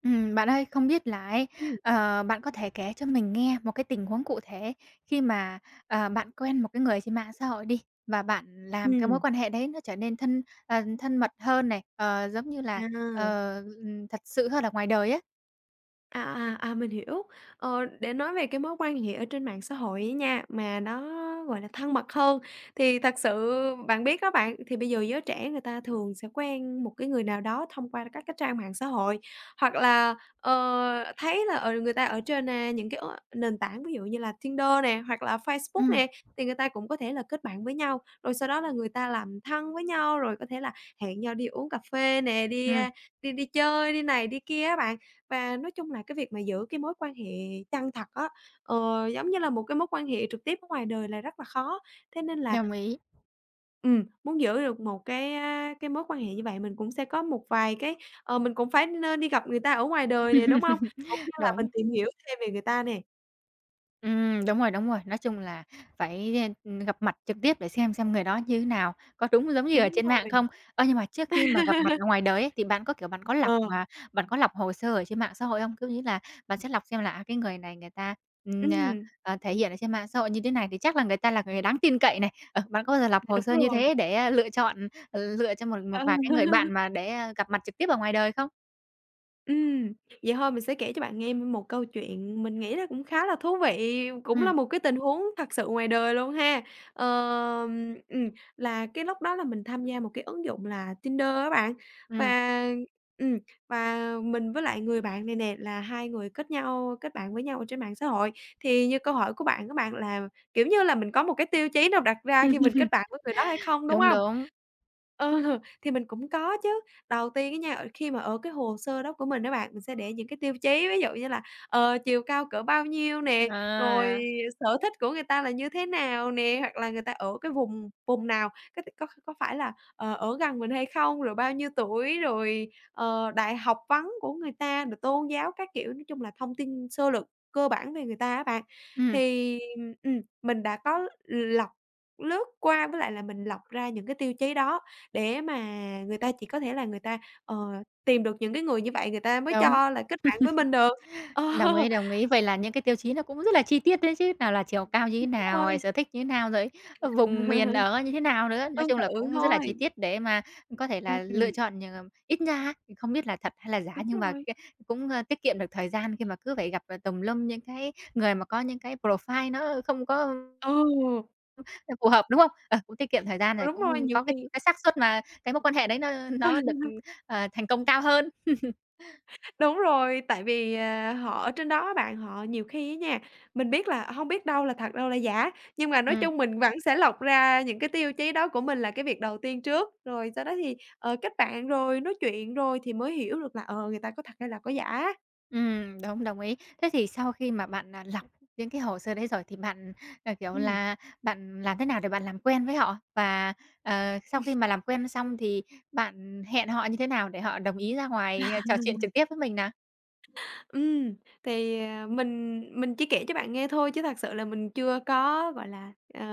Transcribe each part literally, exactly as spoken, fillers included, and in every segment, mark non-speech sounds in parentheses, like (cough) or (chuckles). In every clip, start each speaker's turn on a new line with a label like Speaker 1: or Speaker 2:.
Speaker 1: Ừm, bạn ơi, không biết là ấy,
Speaker 2: Ừm.
Speaker 1: ờ, bạn có thể kể cho mình nghe một cái tình huống cụ thể khi mà, ờ, bạn quen một cái người trên mạng xã hội đi và bạn làm cái mối
Speaker 2: Ừm.
Speaker 1: quan hệ đấy nó trở nên thân, ờ, thân mật hơn này, ờ, giống như là,
Speaker 2: À.
Speaker 1: ờ, ừm, thật sự hơn ở ngoài đời ấy.
Speaker 2: À, à, à, mình hiểu. Ờ, để nói về cái mối quan hệ ở trên mạng xã hội ấy nha, mà nó, gọi là, thân mật hơn thì thật sự bạn biết đó bạn, thì bây giờ giới trẻ người ta thường sẽ quen một cái người nào đó thông qua các cái trang mạng xã hội. Hoặc là, ờ, thấy là, ờ, người ta ở trên, a, những cái ứng nền tảng ví dụ như là Tinder nè hoặc là Facebook
Speaker 1: Ừm.
Speaker 2: nè thì người ta cũng có thể là kết bạn với nhau rồi sau đó là người ta làm thân với nhau rồi có thể là hẹn nhau đi uống cà phê nè, đi,
Speaker 1: Ừm.
Speaker 2: a, đi đi chơi đi này đi kia á bạn. Và nói chung là cái việc mà giữ cái mối quan hệ chân thật á, ờ, giống như là một cái mối quan hệ trực tiếp ở ngoài đời là rất là khó, thế nên là
Speaker 1: Đồng ý.
Speaker 2: Ừm, muốn giữ được một cái cái mối quan hệ như vậy mình cũng sẽ có một vài cái ờ, mình cũng phải nên đi gặp người ta ở ngoài đời nè, đúng hông?
Speaker 1: (laughs)
Speaker 2: Cũng như là mình
Speaker 1: Đúng.
Speaker 2: tìm hiểu thêm về người ta nè.
Speaker 1: Ừm, đúng rồi, đúng rồi. Nói chung là phải, ơ, ừm, gặp mặt trực tiếp để xem, xem người đó như thế nào, có đúng giống như ở
Speaker 2: Đúng
Speaker 1: trên mạng
Speaker 2: rồi.
Speaker 1: không? Ơ, nhưng mà trước khi mà gặp mặt
Speaker 2: (laughs)
Speaker 1: ở ngoài đời ấy thì bạn có, kiểu, bạn có lọc,
Speaker 2: Ờ.
Speaker 1: ờ, bạn có lọc hồ sơ ở trên mạng xã hội không? Có nghĩa là bạn sẽ lọc xem là, à, cái người này người ta, ừm, a,
Speaker 2: Ừm.
Speaker 1: ờ, thể hiện ở trên mạng xã hội như thế này thì chắc là người ta là người đáng tin cậy này, ờ, bạn có bao giờ lọc
Speaker 2: Dạ
Speaker 1: hồ
Speaker 2: đúng
Speaker 1: sơ như
Speaker 2: rồi.
Speaker 1: thế để, ơ, lựa chọn, ờ, lựa cho một một
Speaker 2: Ờ.
Speaker 1: vài cái người bạn
Speaker 2: (laughs)
Speaker 1: mà để, ơ, gặp mặt trực tiếp ở ngoài đời không?
Speaker 2: Ừm, vậy thôi mình sẽ kể cho bạn nghe, ưm, một câu chuyện, mình nghĩ là cũng khá là thú vị, cũng là
Speaker 1: Ừm.
Speaker 2: một cái tình huống thật sự ngoài đời luôn ha. Ờ, ừm, là cái lúc đó là mình tham gia một cái ứng dụng là Tinder á bạn,
Speaker 1: Ừm.
Speaker 2: và, ừm, và mình với lại người bạn này nè là hai người kết nhau, kết bạn với nhau ở trên mạng xã hội. Thì như câu hỏi của bạn của bạn, là, kiểu như là, mình có một cái tiêu chí nào đặt ra khi mình kết bạn với người đó hay
Speaker 1: (laughs)
Speaker 2: không, đúng
Speaker 1: Đúng,
Speaker 2: hông?
Speaker 1: đúng.
Speaker 2: Ờ, thì mình cũng có chứ, đầu tiên á nha, ờ, khi mà ở cái hồ sơ đó của mình á bạn, mình sẽ để những cái tiêu chí, ví dụ như là, ờ, chiều cao cỡ bao nhiêu nè, rồi
Speaker 1: À!
Speaker 2: sở thích của người ta là như thế nào nè, hoặc là người ta ở cái vùng vùng nào, có t có có phải là, ờ, ở gần mình hay không, rồi bao nhiêu tuổi, rồi, ờ, đại học vấn của người ta rồi tôn giáo các kiểu, nói chung là thông tin sơ lược cơ bản về người ta á bạn.
Speaker 1: Ừm.
Speaker 2: Thì, ừm, mình đã có lọc, lướt qua với lại là mình lọc ra những cái tiêu chí đó, để mà người ta chỉ có thể là người ta, ờ, tìm được những cái người như vậy người ta mới
Speaker 1: Đúng.
Speaker 2: cho là kết bạn với mình được,
Speaker 1: (laughs)
Speaker 2: ờ.
Speaker 1: Đồng ý, đồng ý. Vậy là những cái tiêu chí nó cũng rất là chi tiết đấy chứ, nào là chiều cao như thế
Speaker 2: Đúng
Speaker 1: nào, rồi
Speaker 2: rồi.
Speaker 1: sở thích như thế nào, rồi vùng miền
Speaker 2: (laughs)
Speaker 1: ở như thế nào nữa. Nói
Speaker 2: Tương
Speaker 1: chung là
Speaker 2: tự
Speaker 1: cũng rất là chi
Speaker 2: thôi.
Speaker 1: tiết để mà, ừm, có thể
Speaker 2: Ưm,
Speaker 1: là lựa
Speaker 2: ừm.
Speaker 1: chọn nh ít nha thì không biết là thật hay là giả,
Speaker 2: Đúng
Speaker 1: nhưng mà c
Speaker 2: rồi.
Speaker 1: cũng, ơ, tiết kiệm được thời gian, khi mà cứ phải gặp, ờ, tùm lum những cái người mà có những cái profile nó không có, ưm
Speaker 2: Ồ!
Speaker 1: ờ, phù hợp, đúng không? Ờ, cũng tiết kiệm thời gian
Speaker 2: Ờ,
Speaker 1: rồi
Speaker 2: đúng rồi,
Speaker 1: cũng
Speaker 2: nhiều
Speaker 1: có cái,
Speaker 2: khi
Speaker 1: ưm, cái xác suất mà cái mối quan hệ đấy nó nó được,
Speaker 2: (laughs)
Speaker 1: ờ, thành công cao hơn. (laughs)
Speaker 2: (chuckles) Đúng rồi, tại vì, ờ, họ ở trên đó á bạn, họ nhiều khi á nha mình biết là ờ, hông biết đâu là thật đâu là giả. Nhưng mà nói
Speaker 1: Ừm.
Speaker 2: chung mình vẫn sẽ lọc ra những cái tiêu chí đó của mình là cái việc đầu tiên trước, rồi sau đó thì, ờ, kết bạn rồi nói chuyện, rồi thì mới hiểu được là, ờ, người ta có thật hay là có giả.
Speaker 1: Ừm, đúng, đồng ý. Thế thì sau khi mà bạn, à, lọc những cái hồ sơ đấy rồi thì bạn, ờ, kiểu,
Speaker 2: Ừm.
Speaker 1: là bạn làm thế nào để bạn làm quen với họ? Và, ờ, sau khi
Speaker 2: (laughs)
Speaker 1: mà làm quen xong thì bạn hẹn họ như thế nào để họ đồng ý ra ngoài, ờ, trò chuyện
Speaker 2: (laughs)
Speaker 1: trực tiếp với mình nà?
Speaker 2: (laughs) Ừm, thì, à, mình mình chỉ kể cho bạn nghe thôi chứ thật sự là mình chưa có, gọi là, ờ,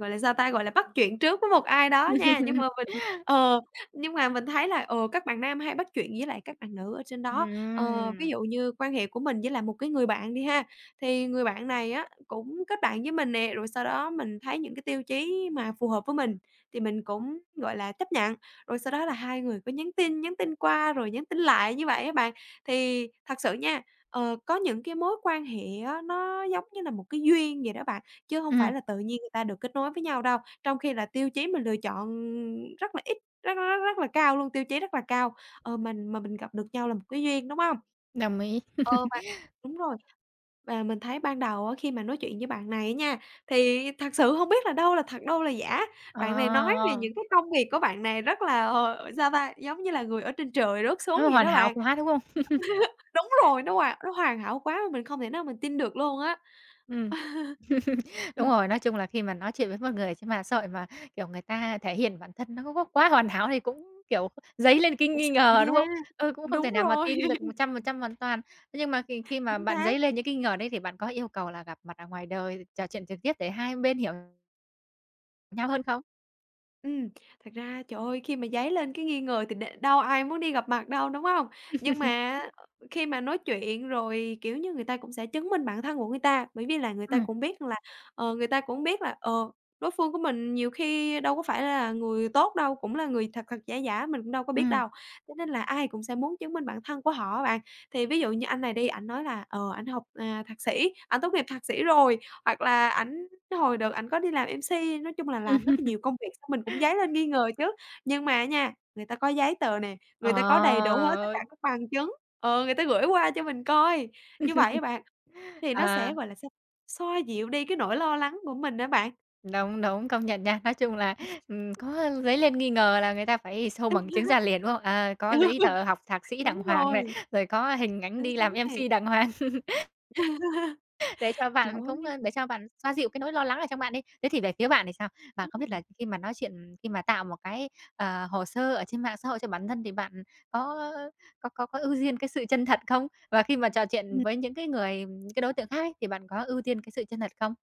Speaker 2: gọi là, sao ta? Gọi là, bắt chuyện trước với một ai đó nha. Nhưng
Speaker 1: (laughs)
Speaker 2: mà mình, ờ, nhưng mà mình thấy là, ờ, các bạn nam hay bắt chuyện với lại các bạn nữ ở trên đó. Ờ, ví
Speaker 1: Ừm.
Speaker 2: dụ như quan hệ của mình với lại một cái người bạn đi ha, thì người bạn này á cũng kết bạn với mình nè, rồi sau đó mình thấy những cái tiêu chí mà phù hợp với mình thì mình cũng, gọi là, chấp nhận. Rồi sau đó là hai người cứ nhắn tin, nhắn tin qua rồi nhắn tin lại như vậy á bạn. Thì thật sự nha, ờ, có những cái mối quan hệ á nó giống như là một cái duyên vậy đó bạn, chứ hông
Speaker 1: Ừm.
Speaker 2: phải là tự nhiên người ta được kết nối với nhau đâu. Trong khi là tiêu chí mình lựa chọn, ưm, rất là ít, rất rất rất rất là cao luôn, tiêu chí rất là cao, ờ, mình mà mình gặp được nhau là một cái duyên, đúng hông?
Speaker 1: Đồng ý.
Speaker 2: Ờ,
Speaker 1: (laughs)
Speaker 2: và đúng rồi. Và mình thấy ban đầu á khi mà nói chuyện với bạn này á nha, thì thật sự hông biết là đâu là thật, đâu là giả.
Speaker 1: Ờ,
Speaker 2: Bạn này nói về
Speaker 1: ờ.
Speaker 2: những cái công việc của bạn này rất là, ờ, sao ta? Giống như là người ở trên trời rớt xuống
Speaker 1: Nó
Speaker 2: vậy
Speaker 1: hoàn
Speaker 2: đó
Speaker 1: hảo
Speaker 2: bạn.
Speaker 1: quá, đúng không? (laughs)
Speaker 2: (laughs) Đúng rồi, nó hoà nó hoàn hảo quá mà mình không thể nào mình tin được luôn á.
Speaker 1: Ừm. (laughs)
Speaker 2: (laughs)
Speaker 1: Đúng
Speaker 2: Ừm.
Speaker 1: rồi, nói chung là khi mà nói chuyện với một người trên mạng xã hội mà, kiểu, người ta thể hiện bản thân nó có có quá hoàn hảo thì cũng, kiểu, dấy lên cái
Speaker 2: Cũng
Speaker 1: nghi
Speaker 2: sợ
Speaker 1: ngờ,
Speaker 2: nha.
Speaker 1: đúng không? Ờ, cũng không thể
Speaker 2: Đúng
Speaker 1: nào mà
Speaker 2: rồi.
Speaker 1: tin được một
Speaker 2: (laughs)
Speaker 1: trăm phần trăm hoàn toàn. Thế nhưng mà khi khi mà
Speaker 2: Chính
Speaker 1: bạn dấy
Speaker 2: xác.
Speaker 1: lên những nghi ngờ đấy thì bạn có yêu cầu là gặp mặt ở ngoài đời, trò chuyện trực tiếp để hai bên hiểu Nhau hơn không?
Speaker 2: Ừm, thật ra trời ơi khi mà dấy lên cái nghi ngờ thì đ đâu ai muốn đi gặp mặt đâu, đúng hông? Nhưng mà
Speaker 1: (laughs)
Speaker 2: á, ờ, khi mà nói chuyện rồi, kiểu như, người ta cũng sẽ chứng minh bản thân của người ta. Bởi vì là người ta
Speaker 1: Ừm.
Speaker 2: cũng biết rằng là, ờ, người ta cũng biết là, ờ, đối phương của mình nhiều khi đâu có phải là người tốt đâu, cũng là người thật thật, giả giả mình cũng đâu có biết
Speaker 1: Ừm.
Speaker 2: đâu, cho nên là ai cũng sẽ muốn chứng minh bản thân của họ á, bạn. Thì ví dụ như anh này đi, ảnh nói là, ờ, ảnh học, à, thạc sĩ, ảnh tốt nghiệp thạc sĩ rồi hoặc là ảnh hồi đợt ảnh có đi làm M-C, nói chung là làm rất là
Speaker 1: (laughs)
Speaker 2: nhiều công việc xong mình cũng dấy lên nghi ngờ chứ. Nhưng mà nha, người ta có giấy tờ nè,
Speaker 1: Ờ,
Speaker 2: người ta có đầy đủ hết tất cả
Speaker 1: ơi.
Speaker 2: các bằng chứng, ờ, người ta gửi qua cho mình coi. Như vậy á bạn,
Speaker 1: (laughs)
Speaker 2: thì nó
Speaker 1: À.
Speaker 2: sẽ, gọi là sao? Xoa dịu đi cái nỗi lo lắng của mình á bạn.
Speaker 1: Đúng, đúng, công nhận nha. Nói chung là,
Speaker 2: (laughs)
Speaker 1: ừm, có, ơ, dấy lên nghi ngờ là người ta phải show bằng chứng ra
Speaker 2: (laughs)
Speaker 1: liền, đúng không? À, có giấy tờ học thạc
Speaker 2: (unintelligible)
Speaker 1: sĩ đàng
Speaker 2: Đúng
Speaker 1: hoàng này,
Speaker 2: rồi.
Speaker 1: rồi có hình ảnh
Speaker 2: Chính
Speaker 1: đi
Speaker 2: xác
Speaker 1: làm
Speaker 2: nè.
Speaker 1: M-C đàng hoàng. (laughs)
Speaker 2: (laughs)
Speaker 1: Để cho
Speaker 2: Trời
Speaker 1: bạn cũng
Speaker 2: ơi.
Speaker 1: ơ, để cho bạn xoa dịu cái nỗi lo lắng ở trong bạn đi. Thế thì về phía bạn thì sao? Mà
Speaker 2: Đúng
Speaker 1: không biết
Speaker 2: rồi.
Speaker 1: là khi mà nói chuyện, ừm, khi mà tạo một cái, ờ, hồ sơ ở trên mạng xã hội cho bản thân thì bạn có, ơ, ơ, có có có ưu diên cái sự chân thật không? Và khi mà trò chuyện
Speaker 2: Ừm.
Speaker 1: với những cái người, ừm cái đối tượng khác ấy, thì bạn có ưu tiên cái sự chân thật không?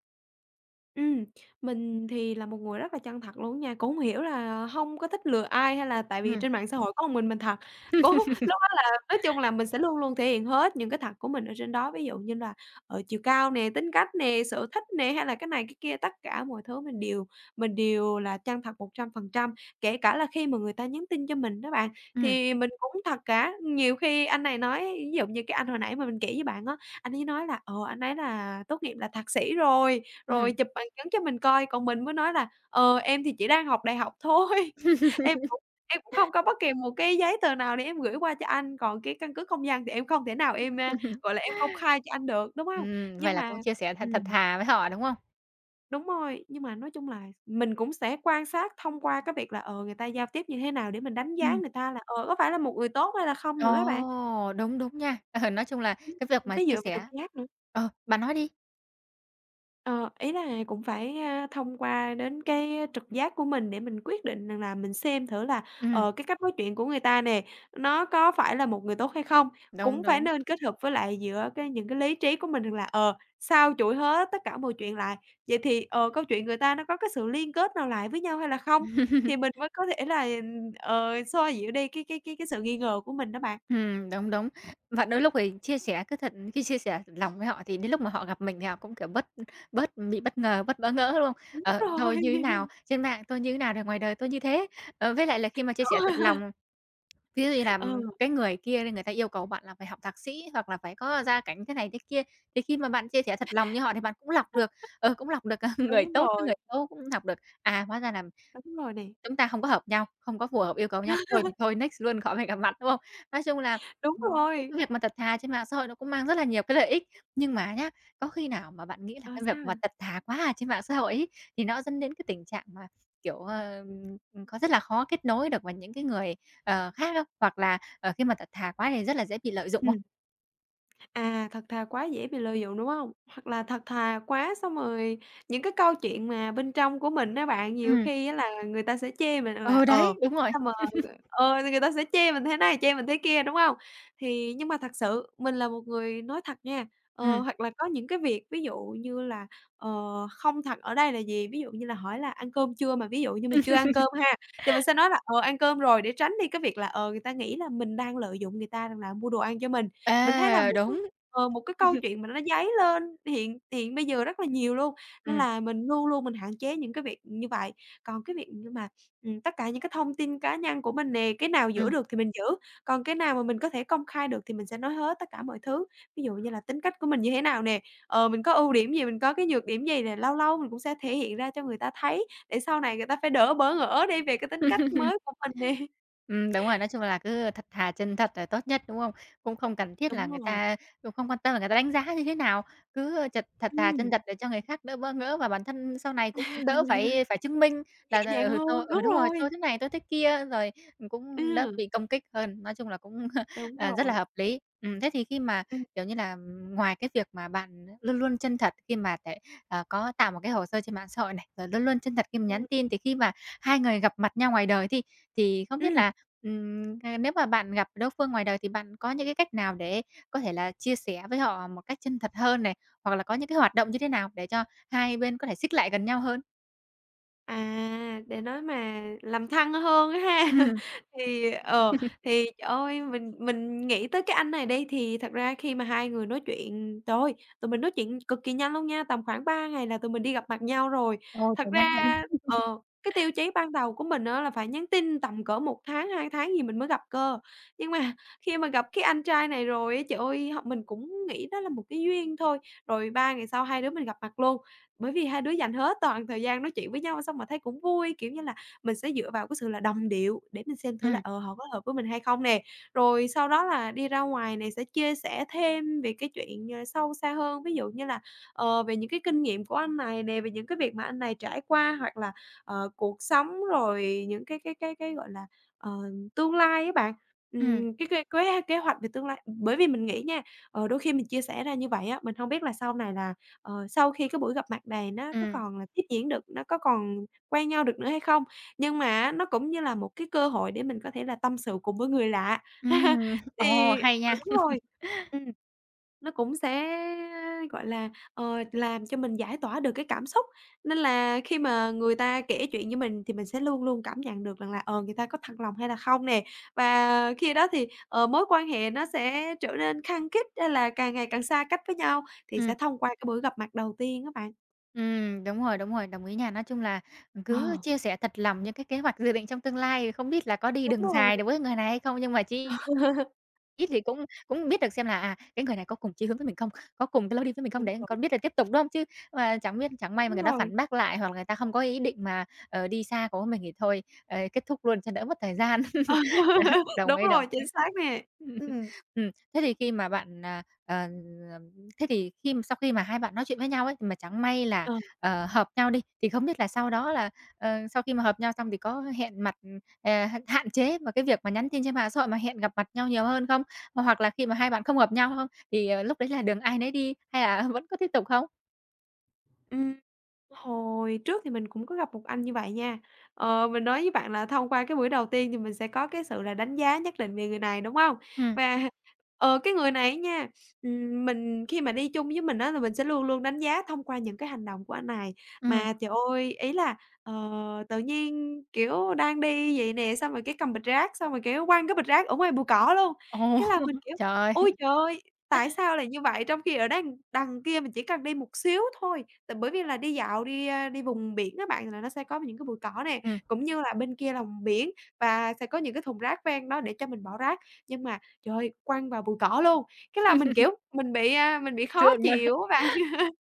Speaker 2: Ừm, mình thì là một người rất là chân thật luôn á nha, cũng hông hiểu là hông có thích lừa ai hay là tại vì
Speaker 1: Ừm.
Speaker 2: trên mạng xã hội có ưn mình mình thật. (unintelligible) lúc đó là, nói chung
Speaker 1: (laughs)
Speaker 2: là, mình sẽ luôn luôn thể hiện hết những cái thật của mình ở trên đó. Ví dụ như là, ờ, chiều cao nè, tính cách nè, sở thích nè, hay là cái này, cái kia, tất cả mọi thứ mình đều mình đều là chân thật một trăm phần trăm. Kể cả là khi mà người ta nhắn tin cho mình đó bạn,
Speaker 1: Ừm.
Speaker 2: thì mình cũng thật cả. Nhiều khi anh này nói ví dụ như cái anh hồi nãy mà mình kể với bạn á, anh ấy nói là, ờ, anh ấy là tốt nghiệp là thạc sĩ rồi, rồi
Speaker 1: Ừm.
Speaker 2: chụp bằng chứng cho mình coi. Còn mình mới nói là, ờ, em thì chỉ đang học đại học thôi, em cũng em cũng
Speaker 1: (laughs)
Speaker 2: không có bất kỳ một cái giấy tờ nào để em gửi qua cho anh. Còn cái căn cước công dân thì em không thể nào em, a,
Speaker 1: (laughs)
Speaker 2: gọi là, em công khai cho anh được, đúng hông?
Speaker 1: Ừm, vậy
Speaker 2: Nhưng
Speaker 1: là
Speaker 2: mà
Speaker 1: cũng chia sẻ thật thật
Speaker 2: ừm.
Speaker 1: thà với họ, đúng không?
Speaker 2: Đúng rồi! Nhưng mà nói chung là mình cũng sẽ quan sát thông qua cái việc là, ờ, người ta giao tiếp như thế nào để mình đánh giá
Speaker 1: Ừm.
Speaker 2: người ta là, ờ, có phải là một người tốt hay là không nữa á bạn.
Speaker 1: Ồ, đúng, đúng nha. Ờ, nói chung là
Speaker 2: Ưm,
Speaker 1: cái việc mà
Speaker 2: phải dựa
Speaker 1: chia
Speaker 2: vào trực
Speaker 1: sẻ
Speaker 2: giác nữa.
Speaker 1: Ờ, bạn nói đi.
Speaker 2: Ờ, ý là cũng phải, a, thông qua đến cái trực giác của mình để mình quyết định rằng là mình xem thử là,
Speaker 1: Ừm.
Speaker 2: ờ, cái cách nói chuyện của người ta nè, nó có phải là một người tốt hay không?
Speaker 1: Đúng,
Speaker 2: Cũng phải
Speaker 1: đúng.
Speaker 2: nên kết hợp với lại giữa cái những cái lý trí của mình rằng là, ờ, xâu chuỗi hết tất cả mọi chuyện lại, vậy thì, ờ, câu chuyện người ta nó có cái sự liên kết nào lại với nhau hay là không? Thì mình
Speaker 1: (laughs)
Speaker 2: mới có thể là, ờ, xoa dịu đi cái cái cái cái sự nghi ngờ của mình đó bạn.
Speaker 1: Ừm, đúng, đúng. Và đôi lúc thì chia sẻ cứ thật cứ chia sẻ thật lòng với họ thì đến lúc mà họ gặp mình thì họ cũng, kiểu, bớt bớt bị bất ngờ, bớt bỡ ngỡ, đúng không?
Speaker 2: Đúng
Speaker 1: Ờ,
Speaker 2: rồi.
Speaker 1: tôi như nào
Speaker 2: (laughs)
Speaker 1: trên mạng tôi thế nào thì ngoài đời tôi như thế. Ờ, với lại là khi mà chia sẻ thật
Speaker 2: (laughs)
Speaker 1: lòng, ví dụ như
Speaker 2: (laughs)
Speaker 1: là
Speaker 2: Ừ.
Speaker 1: cái người kia đi, người ta yêu cầu bạn là phải học thạc sĩ hoặc là phải có gia cảnh thế này thế kia, thì khi mà bạn chia sẻ thật lòng như họ thì bạn cũng lọc được,
Speaker 2: (laughs)
Speaker 1: ờ, cũng lọc được người
Speaker 2: Đúng
Speaker 1: tốt với
Speaker 2: rồi.
Speaker 1: người xấu, cũng lọc được. À, hóa ra là
Speaker 2: Đúng rồi nè.
Speaker 1: chúng ta không có hợp nhau, không có phù hợp yêu cầu nhau. Thôi thì
Speaker 2: (laughs)
Speaker 1: thôi, next luôn khỏi phải gặp mặt, đúng không? Nói chung là,
Speaker 2: Đúng
Speaker 1: ừm,
Speaker 2: rồi!
Speaker 1: cái việc mà thật thà trên mạng xã hội nó cũng mang rất là nhiều cái lợi ích. Nhưng mà nhá, có khi nào mà bạn nghĩ là
Speaker 2: Ờ,
Speaker 1: cái việc
Speaker 2: sao
Speaker 1: mà
Speaker 2: vậy?
Speaker 1: thật thà quá ở trên mạng xã hội ấy, thì nó dẫn đến cái tình trạng mà, kiểu, ờ, có rất là khó kết nối được với những cái người, ờ, khác không? Hoặc là, ờ, khi mà thật thà quá thì rất là dễ bị lợi dụng không?
Speaker 2: Ừm. À, thật thà quá dễ bị lợi dụng, đúng hông? Hoặc là thật thà quá xong rồi những cái câu chuyện mà bên trong của mình á bạn, nhiều
Speaker 1: Ừm.
Speaker 2: khi á là người ta sẽ chê mình là,
Speaker 1: Ờ,
Speaker 2: ờ,
Speaker 1: đấy, đúng rồi.
Speaker 2: xong rồi
Speaker 1: (laughs)
Speaker 2: ờ, thì người ta sẽ chê mình thế này, chê mình thế kia, đúng hông? Thì nhưng mà thật sự mình là một người nói thật nha, ờ,
Speaker 1: Ừm.
Speaker 2: hoặc là có những cái việc ví dụ như là, ờ, không thật ở đây là gì, ví dụ như là hỏi là ăn cơm chưa mà ví dụ như mình chưa ăn cơm ha, thì mình
Speaker 1: (laughs)
Speaker 2: sẽ nói là "Ờ, ăn cơm rồi." để tránh đi cái việc là, ờ, người ta nghĩ là mình đang lợi dụng người ta rằng là mua đồ ăn cho mình. Mình thấy là
Speaker 1: À,
Speaker 2: một cái
Speaker 1: đúng.
Speaker 2: ờ, một cái câu
Speaker 1: (laughs)
Speaker 2: chuyện mà nó dấy lên hiện hiện bây giờ rất là nhiều luôn. Nên
Speaker 1: Ừm.
Speaker 2: là mình luôn luôn mình hạn chế những cái việc như vậy. Còn cái việc như mà, (sniffs) ừm, tất cả những cái thông tin cá nhân của mình nè, cái nào giữ
Speaker 1: Ừm.
Speaker 2: được thì mình giữ, còn cái nào mình có thể công khai được thì mình sẽ nói hết tất cả mọi thứ. Ví dụ như là tính cách của mình như thế nào nè, ờ, mình có ưu điểm gì, mình có cái nhược điểm gì nè. Lâu lâu mình cũng sẽ thể hiện ra cho người ta thấy để sau này người ta phải đỡ bỡ ngỡ đi về cái tính cách
Speaker 1: (laughs)
Speaker 2: mới của mình nè.
Speaker 1: Ừm, đúng rồi. Nói
Speaker 2: (laughs)
Speaker 1: chung là, cứ thật thà chân thật là tốt nhất, đúng không? Cũng không cần thiết là
Speaker 2: Đúng
Speaker 1: người
Speaker 2: rồi.
Speaker 1: ta cũng không quan tâm là người ta đánh giá như thế nào. Cứ chật thật thà chân
Speaker 2: Ừm.
Speaker 1: thật để cho người khác đỡ bỡ ngỡ và bản thân sau này cũng đỡ phải phải chứng minh
Speaker 2: (laughs) Nhẹ
Speaker 1: là,
Speaker 2: nhàng
Speaker 1: ừ, tôi
Speaker 2: hơn.
Speaker 1: ừ,
Speaker 2: Đúng
Speaker 1: đúng rồi,
Speaker 2: rồi!
Speaker 1: tôi thế này tôi thế kia, rồi cũng đỡ
Speaker 2: Ừ.
Speaker 1: bị công kích hơn. Nói chung là, cũng,
Speaker 2: Đúng
Speaker 1: à, rất là
Speaker 2: rồi.
Speaker 1: hợp lý. Ừm, thế thì khi mà,
Speaker 2: Ừm.
Speaker 1: kiểu, như là ngoài cái việc mà bạn luôn luôn chân thật khi mà lại, ờ, có tạo một cái hồ sơ trên mạng xã hội này, rồi luôn luôn chân thật khi mà nhắn
Speaker 2: Ừm.
Speaker 1: tin, thì khi mà hai người gặp mặt nhau ngoài đời đi, thì không biết
Speaker 2: Ừm.
Speaker 1: là, ừm, nếu mà bạn gặp đối phương ngoài đời thì bạn có những cái cách nào để có thể là chia sẻ với họ một cách chân thật hơn này? Hoặc là có những cái hoạt động như thế nào để cho hai bên có thể xích lại gần nhau hơn?
Speaker 2: À, để nói mà làm thân hơn á ha,
Speaker 1: Ừm.
Speaker 2: thì, ờ,
Speaker 1: (laughs)
Speaker 2: thì trời ơi! Mình mình nghĩ tới cái anh này đi, thì thật ra khi mà hai người nói chuyện, trời ơi! Tụi mình nói chuyện cực kỳ nhanh luôn nha, tầm khoảng ba ngày là tụi mình đi gặp mặt nhau rồi.
Speaker 1: Ôi,
Speaker 2: Thật
Speaker 1: kiểu nhanh hơn.
Speaker 2: ra, ờ, cái tiêu
Speaker 1: (laughs)
Speaker 2: chí ban đầu của mình á, là phải nhắn tin tầm cỡ một tháng, hai tháng gì mình mới gặp cơ. Nhưng mà khi mà gặp cái anh trai này rồi á, trời ơi! Hông mình cũng nghĩ đó là một cái duyên thôi, rồi ba ngày sau hai đứa mình gặp mặt luôn. Bởi vì hai đứa dành hết toàn thời gian nói chuyện với nhau, xong mà thấy cũng vui. Kiểu như là, mình sẽ dựa vào cái sự là đồng điệu để mình xem thử là,
Speaker 1: Ừm.
Speaker 2: ờ, họ có hợp với mình hay không nè. Rồi sau đó là đi ra ngoài nè sẽ chia sẻ thêm về cái chuyện sâu xa hơn, ví dụ như là, ờ, về những cái kinh nghiệm của anh này nè, về những cái việc mà anh này trải qua, hoặc là, ờ, cuộc sống, rồi những cái cái cái cái, gọi là, ờ, tương lai á bạn,
Speaker 1: Ừm.
Speaker 2: ừm, cái cái kế kế hoạch về tương lai Bởi vì mình nghĩ nha, ờ, đôi khi mình chia sẻ ra như vậy á, mình hông biết là sau này là, ờ, sau khi cái buổi gặp mặt này nó có
Speaker 1: Ừm.
Speaker 2: còn là tiếp diễn được, nó có còn quen nhau được nữa hay không. Nhưng mà á nó cũng như là một cái cơ hội để mình có thể là tâm sự cùng với người lạ, (laughs)
Speaker 1: Ừm, ồ,
Speaker 2: thì
Speaker 1: hay
Speaker 2: ờ,
Speaker 1: nha!
Speaker 2: đúng rồi,
Speaker 1: (laughs)
Speaker 2: ừm. Nó cũng sẽ, gọi là, ờ, làm cho mình giải tỏa được cái cảm xúc, nên là khi mà người ta kể chuyện với mình thì mình sẽ luôn luôn cảm nhận được rằng là, ờ, người ta có thật lòng hay là không nè. Và khi đó thì, ờ, mối quan hệ nó sẽ trở nên khăng khít, hay là càng ngày càng xa cách với nhau thì
Speaker 1: Ừm.
Speaker 2: sẽ thông qua cái buổi gặp mặt đầu tiên á bạn.
Speaker 1: Ừm, đúng rồi, đúng rồi, đồng ý nha. Nói chung là cứ
Speaker 2: Ờ.
Speaker 1: chia sẻ thật lòng những cái kế hoạch, dự định trong tương lai, không biết là có đi
Speaker 2: Đúng
Speaker 1: đường
Speaker 2: rồi.
Speaker 1: dài được với người này hay không, nhưng mà chí
Speaker 2: (laughs)
Speaker 1: ít thì cũng cũng biết được xem là à cái người này có cùng chí hướng với mình không, có cùng cái lối đi với mình không,
Speaker 2: Đúng
Speaker 1: để
Speaker 2: rồi.
Speaker 1: còn biết là tiếp tục, đúng không? Chứ mà chẳng biết chẳng may mà
Speaker 2: Đúng
Speaker 1: người ta
Speaker 2: rồi.
Speaker 1: phản bác lại, hoặc là người ta không có ý định mà, ờ, đi xa cùng với mình thì thôi, ờ, kết thúc luôn cho đỡ mất thời gian. (laughs) Đó,
Speaker 2: (laughs)
Speaker 1: đồng
Speaker 2: Đúng
Speaker 1: ý, đồng
Speaker 2: rồi,
Speaker 1: ý.
Speaker 2: chính xác nè, ừm.
Speaker 1: (laughs) Ừm, thế thì khi mà bạn, à, ờ, thế thì khi sau khi mà hai bạn nói chuyện với nhau ấy, mà chẳng may là,
Speaker 2: Ờ.
Speaker 1: ờ, hợp nhau đi, thì không biết là sau đó là, ờ, sau khi mà hợp nhau xong, thì có hẹn mặt, ờ, h hạn chế mà cái việc mà nhắn tin trên mạng xã hội, mà hẹn gặp mặt nhau nhiều hơn không? Hoặc là khi mà hai bạn không hợp nhau không, thì lúc đấy là đường ai nấy đi hay là vẫn có tiếp tục không?
Speaker 2: Ừm. Hồi trước thì mình cũng có gặp một anh như vậy nha. Ờ, mình nói với bạn là thông qua cái buổi đầu tiên thì mình sẽ có cái sự là đánh giá nhất định về người này, đúng hông?
Speaker 1: Ừm.
Speaker 2: Và, ờ, cái người này á nha, ừm, mình khi mà đi chung với mình á là mình sẽ luôn luôn đánh giá thông qua những cái hành động của anh này.
Speaker 1: Ừm.
Speaker 2: Mà trời ơi! Ý là, ờ, tự nhiên, kiểu, đang đi vậy nè, xong rồi cái cầm bịch rác, xong rồi, kiểu, quăng cái bịch rác ở ngoài bụi cỏ luôn.
Speaker 1: Ồ,
Speaker 2: Cái là mình, kiểu,
Speaker 1: trời
Speaker 2: ôi
Speaker 1: ơi!
Speaker 2: trời ơi, tại sao lại như vậy? Trong khi ở đằng đằng kia mình chỉ cần đi một xíu thôi, tại bởi vì là đi dạo đi, a, đi vùng biển á bạn là nó sẽ có những cái bụi cỏ nè,
Speaker 1: Ừm.
Speaker 2: cũng như là bên kia là biển và sẽ có những cái thùng rác ven đó để cho mình bỏ rác. Nhưng mà, trời ơi, quăng vào bụi cỏ luôn, cái là mình,
Speaker 1: (laughs)
Speaker 2: kiểu, mình bị, a, mình bị khó
Speaker 1: Sượng luôn.
Speaker 2: chịu á bạn. (laughs)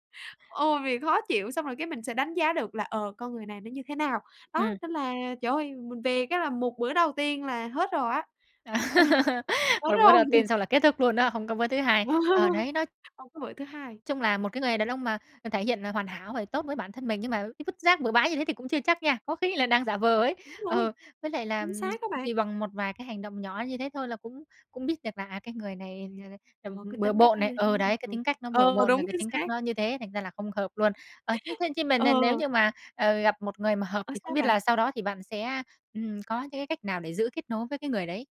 Speaker 2: Ừ, bị khó chịu! Xong rồi cái mình sẽ đánh giá được là, ờ, con người này nó như thế nào. Đó,
Speaker 1: Ừm.
Speaker 2: nên là, trời ơi, mình về cái là một bữa đầu tiên là hết rồi á. (laughs)
Speaker 1: (laughs)
Speaker 2: Hết
Speaker 1: Một bữa
Speaker 2: rồi.
Speaker 1: đầu tiên xong là kết thúc luôn đó, hông có bữa thứ hai. Ờ,
Speaker 2: (laughs)
Speaker 1: đấy, nói
Speaker 2: Hông có bửa thứ hai!
Speaker 1: chung là một cái người đàn ông mà thể hiện là hoàn hảo và tốt với bản thân mình, nhưng mà cái vứt rác bừa bãi như thế thì cũng chưa chắc nha, có khi là đang giả vờ ấy.
Speaker 2: Đúng
Speaker 1: Ờ,
Speaker 2: rồi!
Speaker 1: với lại là
Speaker 2: Chính xác á
Speaker 1: (smacks lips)
Speaker 2: bạn.
Speaker 1: thì bằng một vài cái hành động nhỏ như thế thôi là cũng cũng biết được là, à, cái người này, ờ, ờ,
Speaker 2: Ờ, cái
Speaker 1: bừa
Speaker 2: tính cách
Speaker 1: bộn
Speaker 2: nó
Speaker 1: này.
Speaker 2: như thế
Speaker 1: Ừ, đấy,
Speaker 2: nào
Speaker 1: cái
Speaker 2: rồi.
Speaker 1: tính cách nó bừa
Speaker 2: Ờ,
Speaker 1: bộn là
Speaker 2: đúng
Speaker 1: cái
Speaker 2: chính
Speaker 1: tính cách
Speaker 2: xác.
Speaker 1: nó như thế thành ra là không hợp luôn. Ờ, thế thế
Speaker 2: (laughs)
Speaker 1: thế mà n n nếu
Speaker 2: Ờ.
Speaker 1: như mà, ờ, gặp một người mà hợp
Speaker 2: Ờ,
Speaker 1: thì không
Speaker 2: sao
Speaker 1: biết
Speaker 2: bạn?
Speaker 1: là sau đó thì bạn sẽ, ừm, có những cái cách nào để giữ kết nối với cái người đấy?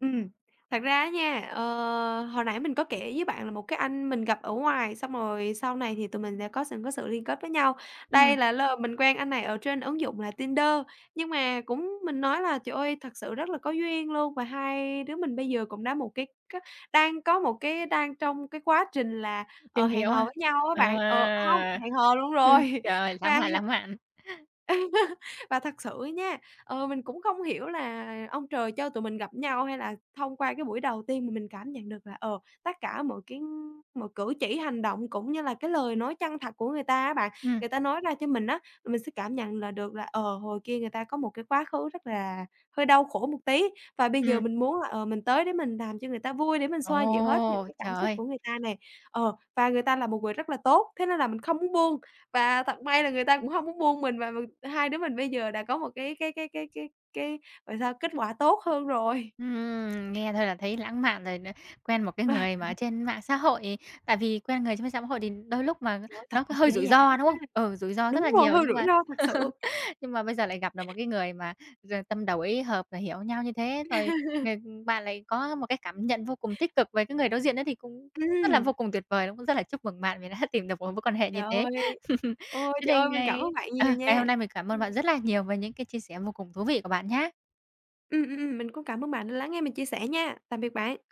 Speaker 2: Ừm. Thật ra á nha, ờ, hồi nãy mình có kể với bạn là một cái anh mình gặp ở ngoài, xong rồi sau này thì tụi mình sẽ có sự có sự liên kết với nhau. Đây
Speaker 1: Ừm.
Speaker 2: là lơ mình quen anh này ở trên ứng dụng là Tinder, nhưng mà cũng mình nói là trời ơi thật sự rất là có duyên luôn và hai đứa mình bây giờ cũng đã một cái c đang có một cái đang trong cái quá trình là, ờ,
Speaker 1: Tìm
Speaker 2: hẹn
Speaker 1: hiếu
Speaker 2: hò
Speaker 1: hả?
Speaker 2: với nhau á bạn. Ờ, hông
Speaker 1: À!
Speaker 2: hẹn hò luôn
Speaker 1: (chuckles)
Speaker 2: rồi
Speaker 1: Trời ơi, lãng
Speaker 2: và
Speaker 1: mạn, lãng mạn. (chuckles)
Speaker 2: (laughs) và thật sự á nha, ờ, mình cũng không hiểu là ông trời cho tụi mình gặp nhau, hay là thông qua cái buổi đầu tiên mà mình cảm nhận được là, ờ, tất cả mọi cái mọi cử chỉ, hành động, cũng như là cái lời nói chân thật của người ta á bạn.
Speaker 1: Ừm.
Speaker 2: Người ta nói ra cho mình á, mình sẽ cảm nhận là được là, ờ, hồi kia người ta có một cái quá khứ rất là hơi đau khổ một tí và bây giờ
Speaker 1: Ừm.
Speaker 2: mình muốn là, ờ, mình tới để mình làm cho người ta vui để mình xoa dịu hết những
Speaker 1: Ồ!
Speaker 2: cái
Speaker 1: Trời
Speaker 2: cảm xúc
Speaker 1: ơi!
Speaker 2: của người ta nè. Ờ, và người ta là một người rất là tốt, thế nên là mình không muốn buông và thật may là người ta cũng hông muốn buông mình và và hai đứa mình bây giờ đã có một cái cái cái cái cái cái gọi sao? Kết quả tốt hơn rồi.
Speaker 1: Ừm, nghe thôi là thấy lãng mạn rồi nó. Quen một cái người mà ở
Speaker 2: (laughs)
Speaker 1: trên mạng xã hội, tại vì quen người trên m xã mà hội thì đôi lúc mà
Speaker 2: Trời ơi, thật
Speaker 1: nó có
Speaker 2: thật,
Speaker 1: hơi
Speaker 2: giả
Speaker 1: rủi
Speaker 2: giả.
Speaker 1: ro,
Speaker 2: (unintelligible)
Speaker 1: đúng không? Ừ, rủi ro rất
Speaker 2: Đúng
Speaker 1: là
Speaker 2: rồi,
Speaker 1: nhiều,
Speaker 2: hơi
Speaker 1: nhưng
Speaker 2: rủi
Speaker 1: mà
Speaker 2: ro thật sự.
Speaker 1: (laughs) nhưng mà bây giờ lại gặp được một cái người mà gi tâm đầu ý hợp, rồi hiểu nhau như thế, rồi,
Speaker 2: (laughs)
Speaker 1: ừm, bạn lại có một cái cảm nhận vô cùng tích cực về cái người đối diện đó thì cũng rất là vô
Speaker 2: Ừm.
Speaker 1: cùng tuyệt vời, đúng không? Cũng rất là chúc mừng bạn vì đã tìm được một mối quan hệ như
Speaker 2: Trời
Speaker 1: thế.
Speaker 2: ơi.
Speaker 1: (chuckles)
Speaker 2: Ôi,
Speaker 1: Thế
Speaker 2: trời
Speaker 1: nên
Speaker 2: ơi mình cảm
Speaker 1: ngày
Speaker 2: ơn bạn
Speaker 1: ờ,
Speaker 2: nhiều
Speaker 1: ngày hôm
Speaker 2: nha.
Speaker 1: nay mình cảm ơn
Speaker 2: Ừm.
Speaker 1: bạn rất là nhiều về những cái chia sẻ vô cùng thú vị của bạn nhá.
Speaker 2: Ừm, ừm, ừm. Mình cũng cảm ơn bạn đã lắng nghe mình chia sẻ nha. Tạm biệt bạn!